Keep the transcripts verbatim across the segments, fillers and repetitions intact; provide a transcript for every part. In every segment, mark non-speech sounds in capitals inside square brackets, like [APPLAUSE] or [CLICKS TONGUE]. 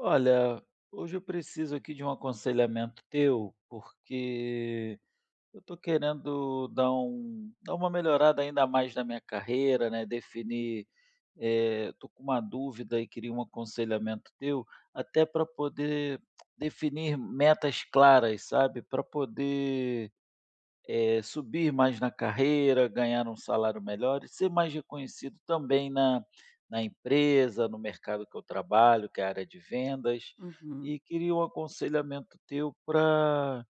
Olha, hoje eu preciso aqui de um aconselhamento teu, porque eu tô querendo dar um dar uma melhorada ainda mais na minha carreira, né, definir, eh, tô com uma dúvida e queria um aconselhamento teu. Até pra poder [CLICKS TONGUE] definir metas claras, sabe, pra poder, eh, subir mais na carreira, ganhar um salário melhor e ser mais reconhecido também na na empresa, no mercado que eu trabalho, que é a área de vendas. Uhum. E queria um aconselhamento teu pra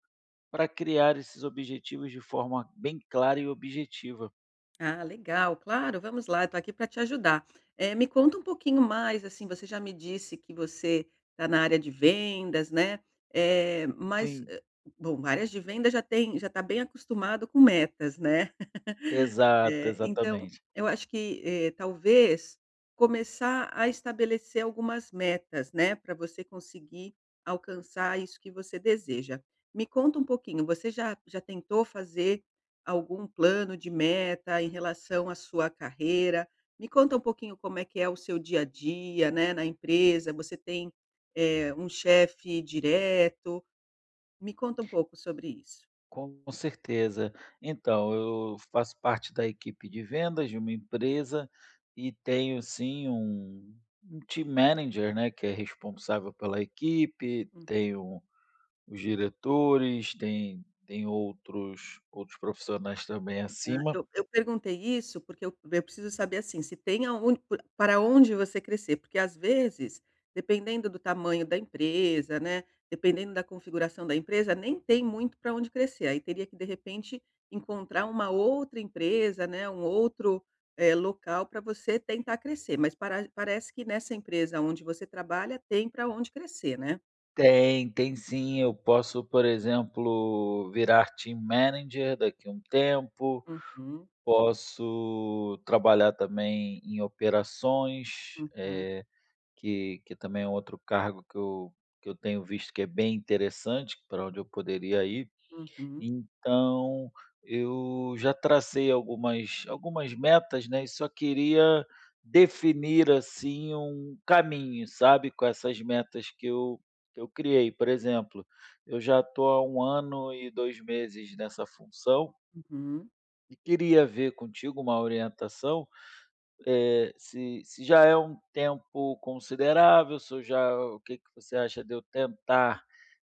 pra criar esses objetivos de forma bem clara e objetiva. Ah, legal. Claro, vamos lá, tô aqui para te ajudar. Eh, me conta um pouquinho mais, assim, você já me disse que você tá na área de vendas, né, eh, mas, Sim. ah, bom, áreas de vendas já têm já tá bem acostumado com metas, né. [LAUGHS] Exato, Eh, então exatamente. eu acho que, eh, talvez começar a estabelecer algumas metas, né, pra você conseguir alcançar isso que você deseja. Me conta um pouquinho, você já já tentou fazer algum plano de meta em relação à sua carreira? Me conta um pouquinho como é que é o seu dia a dia, né, na empresa. Você tem, eh, um chefe direto? Me conta pouco sobre isso. Com certeza. Então, eu faço parte da equipe de vendas de uma empresa e tenho sim um um team manager, né, que é responsável pela equipe, Hum. tenho os diretores, tem tem outros outros profissionais também Ah, acima. eu eu perguntei isso, porque eu eu preciso saber, assim, se tem aon p para onde você crescer. Porque às vezes, dependendo do tamanho da empresa, né, dependendo da configuração da empresa, nem tem muito pra onde crescer. Aí teria que, de repente, encontrar uma outra empresa, né, um outro, eh, local pra você tentar crescer, mas para parece que nessa empresa onde você trabalha tem pra onde crescer, né? Tem, tem sim. Eu posso, por exemplo, virar team manager, daqui um tempo. Uhum. Posso trabalhar também em operações, Uhum. eh, que que também é um outro cargo que eu que eu tenho visto que é bem interessante, pra onde eu poderia ir. Uhum. Então eu já tracei algumas algumas metas, né, e só queria definir, assim, um caminho, sabe, com essas metas que eu que eu criei. Por exemplo, eu já tô há um ano e dois meses nessa função Uhum. e queria ver contigo uma orientação, eh, se se já é um tempo considerável, se eu já o o que você acha de eu tentar,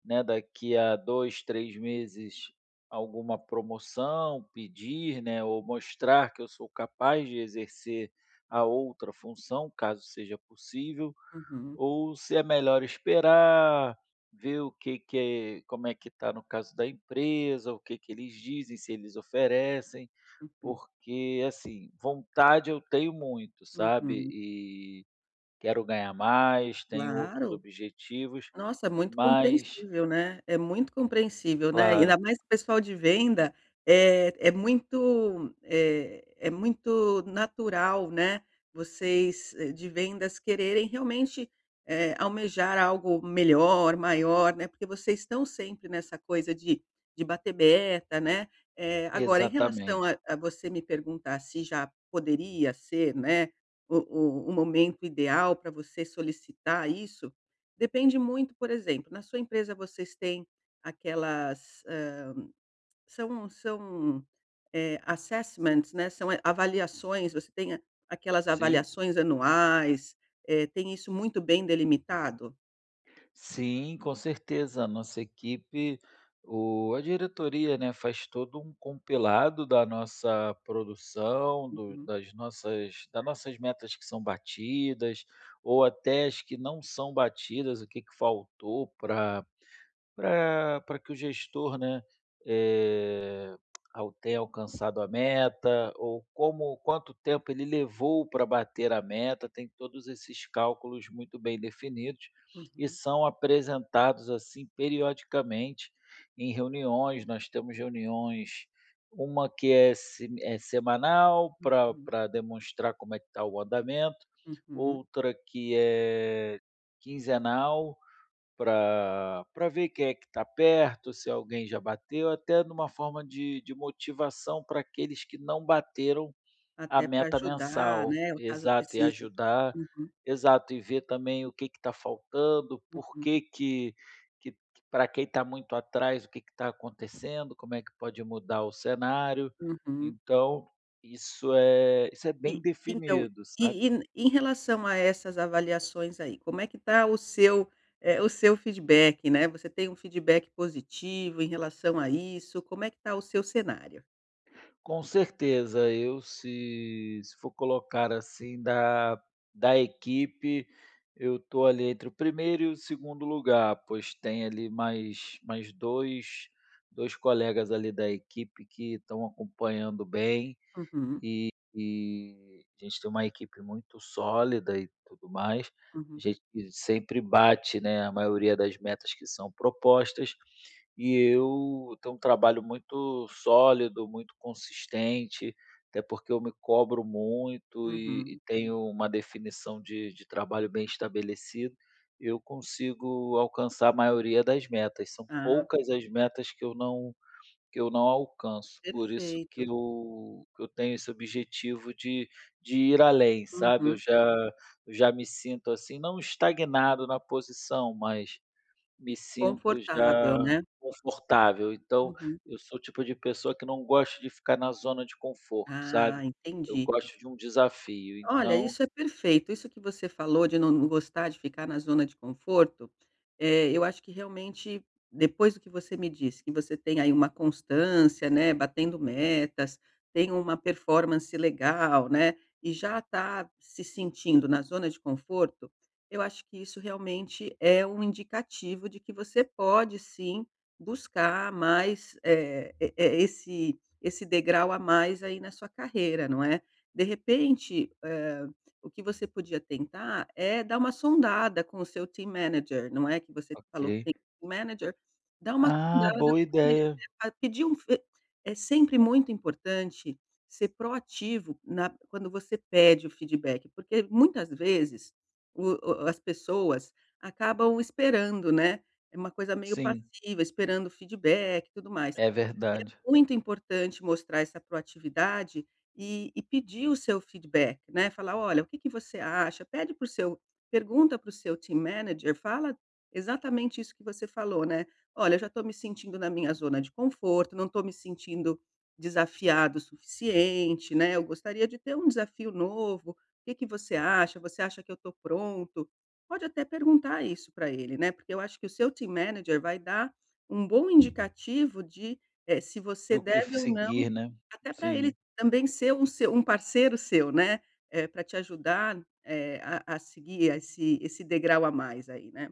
né, daqui a dois, três meses alguma promoção, pedir, né, ou mostrar que eu sou capaz de exercer a outra função, caso seja possível. Uhum. Ou se é melhor esperar, ver o que que como é que tá, no caso da empresa, o que eles dizem, se eles oferecem. Uhum. Porque, assim, vontade eu tenho muito, sabe, Uhum. e quero ganhar mais, tenho outros Claro. objetivos, Nossa, é muito mas compreensível, né. É muito compreensível, né. Claro. Ainda mais que o pessoal de venda, eh, é muito, eh, é muito natural, né, vocês de vendas quererem realmente, eh, almejar algo melhor, maior, né. Porque vocês estão sempre nessa coisa de de bater meta, né. Eh, agora em relação a Exatamente. a você me perguntar se já poderia ser, né, o o o momento ideal pra você solicitar isso, depende muito, por exemplo, na sua empresa vocês têm aquelas, hã, são são, eh, assessments, né, são, eh, avaliações. Você tem a aquelas Sim. avaliações anuais, eh, tem isso muito bem delimitado? Sim, com certeza, a nossa equipe, o a diretoria, né, faz todo um compilado da nossa produção, do Uhum. das nossas das nossas metas que são batidas ou até as que não são batidas, o que que faltou pra pra pra que o gestor, né, eh, ao ter alcançado a meta ou como quanto tempo ele levou pra bater a meta. Tem todos esses cálculos muito bem definidos e Uhum. são apresentados, assim, periodicamente em reuniões. Nós temos reuniões, uma que é sem é semanal, pra Uhum. pra demonstrar como é que tá o andamento, Uhum. outra que é quinzenal, pra pra ver quem é que tá perto, se alguém já bateu, até numa forma de de motivação pra aqueles que não bateram a Até pra meta ajudar, mensal. né, ou caso Exato, e precise. ajudar Uhum. exato, e ver também o que que tá faltando, por Uhum. que que que pra quem tá muito atrás, o que que tá acontecendo, como é que pode mudar o cenário. Uhum. Então isso é isso é bem E então, definido, sabe. e e em relação a essas avaliações aí, como é que tá o seu eh, o seu feedback? Né, você tem um feedback positivo em relação a isso? Como é que tá o seu cenário? Com certeza, eu se se for colocar, assim, da da equipe. Eu tô ali entre o primeiro e o segundo lugar, pois tem ali mais mais dois, dois colegas ali da equipe que estão acompanhando bem. Uhum. E, a gente tem uma equipe muito sólida e tudo mais. A Uhum. gente sempre bate, né, a maioria das metas que são propostas e eu tenho um trabalho muito sólido, muito consistente, até porque eu me cobro muito e e Uhum. tenho uma definição de de trabalho bem estabelecida, eu consigo alcançar a maioria das metas. São Ah. poucas as metas que eu não que eu não alcanço. Por isso que Perfeito. eu que eu tenho esse objetivo de de ir além, sabe, eu Uhum. já eu já me sinto, assim, não estagnado na posição, mas me sinto Confortável, já né. confortável. Então, Uhum. eu sou o tipo de pessoa que não gosta de ficar na zona de conforto, Ah, sabe, eu entendi. gosto de um desafio, Olha, então isso é perfeito. Isso que você falou de não gostar de ficar na zona de conforto, eh, eu acho que, realmente, depois do que você me disse, que você tem aí uma constância, né, batendo metas, tem uma performance legal, né, e já tá se sentindo na zona de conforto. Eu acho que isso realmente é um indicativo de que você pode, sim, buscar mais, eh eh eh esse esse degrau a mais aí na sua carreira, não é. De repente, hã, o que você podia tentar é dar uma sondada com o seu team manager, não é, que você falou que Ok. tem team manager. Dá uma Ah, sondada boa porque [UNINTELLIGIBLE] ideia. pedir um f é sempre muito importante ser proativo na quando você pede o feedback, porque, muitas vezes, o o as pessoas acabam esperando, né. É uma coisa meio Sim. passiva, esperando feedback e tudo mais, É e é verdade. muito importante mostrar essa proatividade e e pedir o seu feedback, né, falar: "Olha, o que que você acha?". Pede para o seu pergunta para o seu team manager, fala exatamente isso que você falou, né. "Olha, eu já tô me sentindo na minha zona de conforto, não tô me sentindo desafiado o suficiente, né, eu gostaria de ter um desafio novo, que que você acha? Você acha que eu tô pronto?". Pode até perguntar isso para ele, né, porque eu acho que o seu team manager vai dar um bom indicativo de, eh, se você Do que deve f ou não seguir, né, até para ele sim. também ser um seu parceiro seu, né, eh, para te ajudar, eh, a a seguir a esse esse degrau a mais aí, né.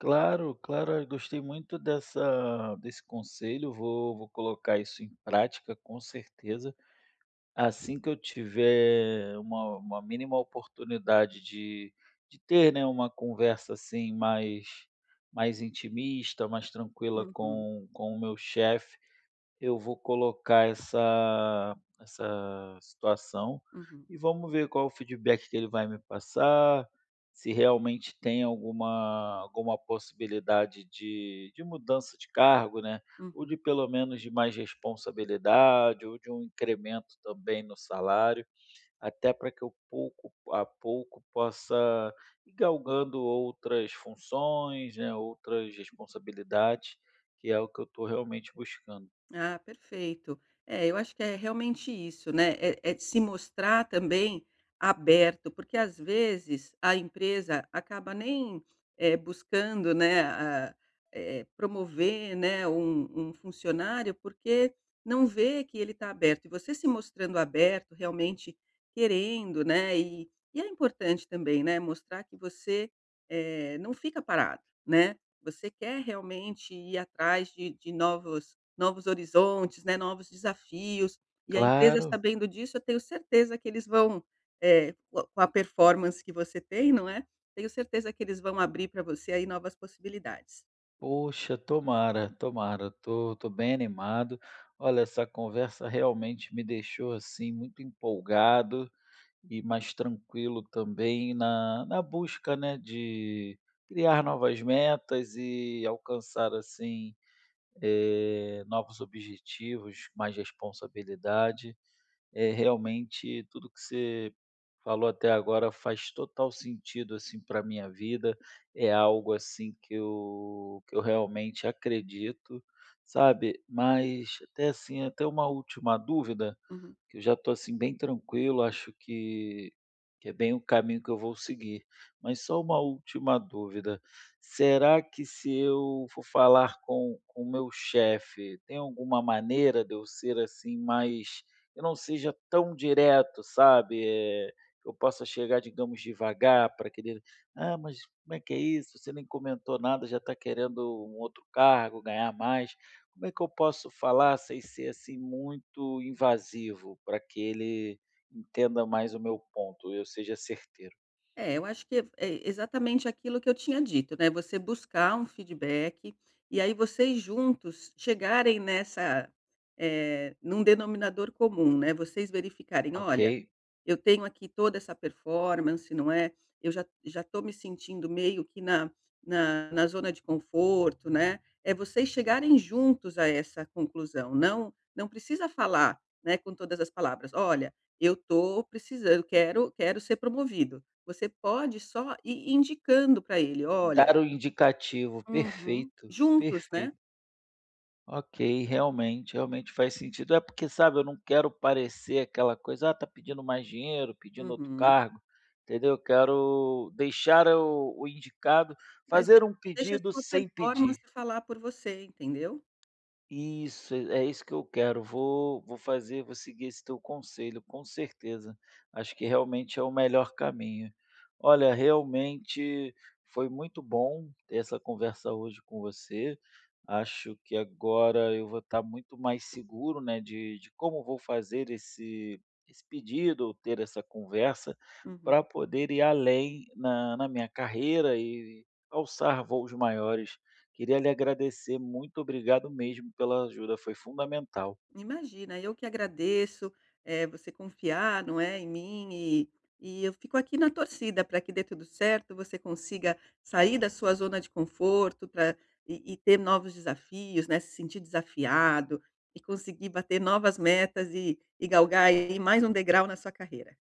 Claro, claro. Eu gostei muito dessa desse conselho. Vou vou colocar isso em prática, com certeza. Assim que eu tiver uma uma mínima oportunidade de de ter, né, uma conversa, assim, mais mais intimista, mais tranquila Uhum. com com o meu chefe, eu vou colocar essa essa situação Uhum. e vamos ver qual o feedback que ele vai me passar. Se realmente tem alguma alguma possibilidade de de mudança de cargo, né, ou Uhum. de pelo menos de mais responsabilidade, ou de um incremento também no salário, até pra que eu, pouco a pouco, possa ir galgando outras funções, né, outras responsabilidades, que é o que eu tô realmente buscando. Ah, perfeito. É, eu acho que é realmente isso, né. É é de se mostrar também aberto, porque às vezes a empresa acaba nem, eh, buscando, né, eh eh, promover, né, um um funcionário, porque não vê que ele tá aberto. E você se mostrando aberto realmente querendo, né, e e é importante também, né, mostrar que você, eh, não fica parado, né, você quer realmente ir atrás de de novos novos horizontes, né, novos desafios. E a empresa Claro. sabendo disso, eu tenho certeza que eles vão, eh, com com a performance que você tem, não é, tenho certeza que eles vão abrir pra você aí novas possibilidades. Poxa, tomara, tomara. Eu tô tô bem animado. Olha, essa conversa realmente me deixou, assim, muito empolgado e mais tranquilo também na na busca, né, de criar novas metas e alcançar, assim, eh, novos objetivos, mais responsabilidade. É, realmente, tudo o que você falou até agora faz total sentido, assim, pra minha vida. É algo, assim, que eu que eu realmente acredito, sabe. Mas, até assim, até uma última dúvida, Uhum. que eu já tô, assim, bem tranquilo, acho que que é bem o caminho que eu vou seguir. Mas só uma última dúvida. Será que, se eu for falar com com o meu chefe, tem alguma maneira de eu ser, assim, mas que eu não seja tão direto, sabe, eh, que eu possa chegar, digamos, devagar, pra que ele: "Ah, mas como é que é isso? Você nem comentou nada, já tá querendo um outro cargo, ganhar mais". Como é que eu posso falar sem ser, assim, muito invasivo, pra que ele entenda mais o meu ponto e eu seja certeiro? É, eu acho que f exatamente aquilo que eu tinha dito, né. Você buscar um feedback, e aí vocês juntos chegarem nessa eh, num denominador comum, né, vocês verificarem: "Olha, Ok. eu tenho aqui toda essa performance, não é. Eu já já tô me sentindo meio que na na na zona de conforto, né". É vocês chegarem juntos a essa conclusão, não não precisa falar, né, com todas as palavras: "Olha, eu tô precisan eu quero quero ser promovido". Você pode só ir indicando pra ele: "Olha" Dar o indicativo. Uhum. Perfeito, Juntos, né. perfeito. Ok, realmente, realmente faz sentido. É porque, sabe, eu não quero parecer aquela coisa: "Ah, tá pedindo mais dinheiro, pedindo outro Uhum. cargo." Entendeu? Eu quero deixar o o indicado, Mas de fazer um deixa a pedido sua sem performance pedir. falar por você, entendeu? Isso, é isso que eu quero. Vou vou fazer, vou seguir esse teu conselho, com certeza, acho que realmente é o melhor caminho. Olha, realmente foi muito bom ter essa conversa hoje com você. Acho que agora eu vou estar muito mais seguro, né, de de como vou fazer esse esse pedido ou ter essa conversa Uhum. pra poder ir além na na minha carreira e alçar voos maiores. Queria lhe agradecer, muito obrigado mesmo pela ajuda, foi fundamental. Imagina, eu que agradeço. Eh, você confiar, não é, em mim e e eu fico aqui na torcida pra que dê tudo certo, você consiga sair da sua zona de conforto pra e e ter novos desafios, né, se sentir desafiado e conseguir bater novas metas e e galgar aí mais um degrau na sua carreira.